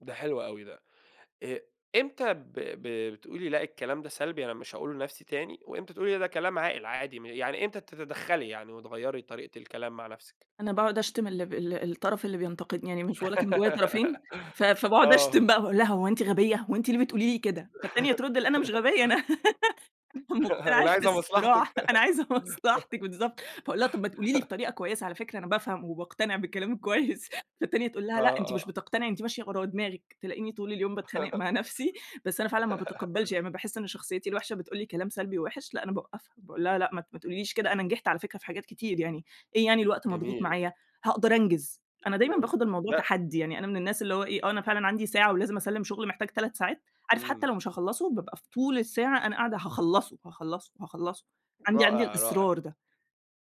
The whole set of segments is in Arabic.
ده حلو أوي ده، إ إمتى ب ب بتقولي لأ الكلام ده سلبي أنا مش هاقوله لنفسي تاني، وإمتى تقولي ده كلام عاقل عادي م يعني إمتى تتدخلي يعني وتغيّري طريقة الكلام مع نفسِك؟ أنا باقعد أشتم ال الب الطرف اللي بينتقدني، يعني مش باقول لك إن جوّايا طرفين، ف فباقعد آه. أشتم بقى باقول لها هو أنتِ غبية، هو أنتِ ليه بتقولي لي كده؟ فالتانية ترد لأ أنا مش غبية أنا، مقتنعة اللي في عايزة مصلحتك. الصراحة، أنا عايزة مصلحتك بالضبط فاقول لها طب ما تقولي لي بطريقة كويّسة على فكرة أنا بافهم، وباقتنع بكلامِك كويّس، فالتانية تقول لها لأ آه، أنتِ مش آه. بتقتنعي أنتِ ماشية ورا دماغِك، تلاقيني طول اليوم باتخانق مع نفسي، بس أنا فعلًا ما باتقبلش، يعني ما باحس إن شخصيتي الوحشة بتقول لي كلام سلبي ووحش لأ أنا باوقفها، باقول لها لأ ما ت ما تقوليش كده أنا نجحت على فكرة في حاجات كتير يعني، إيه يعني الوقت مضغوط جميل. معايا، هاقدر أنجز، أنا دايمًا جميل. باخد الموضوع لأ. تحدّي يعني أنا من الناس اللي هو إيه، آه أنا فعلًا عندي ساعة ولازم أسلِّم شغل محتاج 3 ساعات، عارف حتّى إمم. لو مش هاخلصه، بابقى في طول الساعة أنا قاعدة هاخلصه، هاخلصه، هاخلصه، عندي عندي رائع، رائع. الإصرار ده.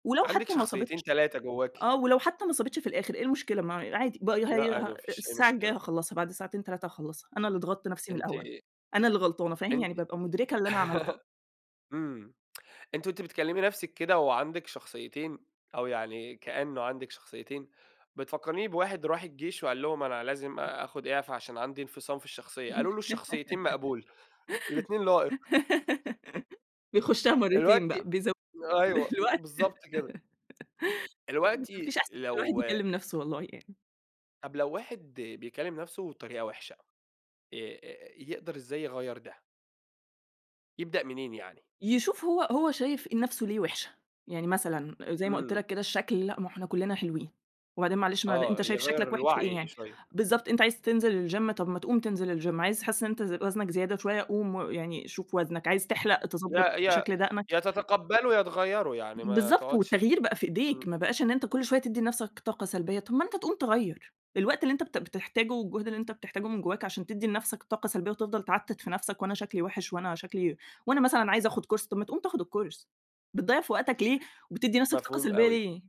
ولو عندِك حتّى ما شخصيتين صابتش 3 آه جواكِ. ولو حتّى ما صابتش في الآخر إيه المشكلة ما عادي بي لأ هي عادي ه ما فيش أي الساعة الجايّة مشكلة. هاخلصها، بعد ساعتين 3 هاخلصها، أنا اللي ضغطت نفسي من أنتِ الأوّل، أنا اللي غلطانة فاهم، أنتِ يعني بابقى مدركة اللي أنا عملته. إمم. أنتِ وأنتِ بتكلمي نفسِك كده وعندِك شخصيتين، أو يعني كأنه عندِك شخصيتين، بتفكريني بواحد راح الجيش وقال لهم أنا لازم آخد إعفا عشان عندي انفصام في الشخصية، قالوا له الشخصيتين مقبول، الاتنين لائق. بيخشها مرتين بقى، دلوقتي بيزوّد ال أيوه، الوقت بالضبط كده. ما ما دلوقتي فيش أحسن من إن الواحد لو يكلم نفسه والله يعني. طب لو واحد بيكلم نفسه بطريقة وحشة، آآ يقدر إزاي يغير ده؟ يبدأ منين يعني؟ يشوف هو هو شايف نفسه ليه وِحشة، يعني مثلًا، زي ما قلت إمم. لك كده الشكل، لأ ما إحنا كلنا حلوين، وبعدين معلش ما أنت آه، شايف يغيّر شكلك وحِش في إيه الوعي يعني؟ شوية. بالضبط أنت عايز تنزل ال Gym طب ما تقوم تنزل ال Gym عايز حاسس إن أنت ز وزنك زيادة شويّة قوم و يعني شوف وزنك، عايز تحلق يا تضبَّط يا شكل دقنك؟ يا تتقبله يا تغيره يعني ما بالضبط تقعدش والتغيير بقى في امم. إيديك، ما بقاش إن أنت كل شويّة تدّي لنفسك طاقة سلبيّة، طب ما أنت تقوم تغيّر، الوقت اللي أنت بت بتحتاجه والجهد اللي أنت بتحتاجه من جوّاك عشان تدّي لنفسك طاقة سلبيّة، وتفضل تعتت في نفسك وأنا شكلي وحِش، وأنا شكلي وأنا مثلًا عايز آخد Course، طب ما تقوم تاخد ال Course، بتضيّع في وقتك ليه، وبتدي نفسك طاقة مفهوم سلبيّة أوي. ليه؟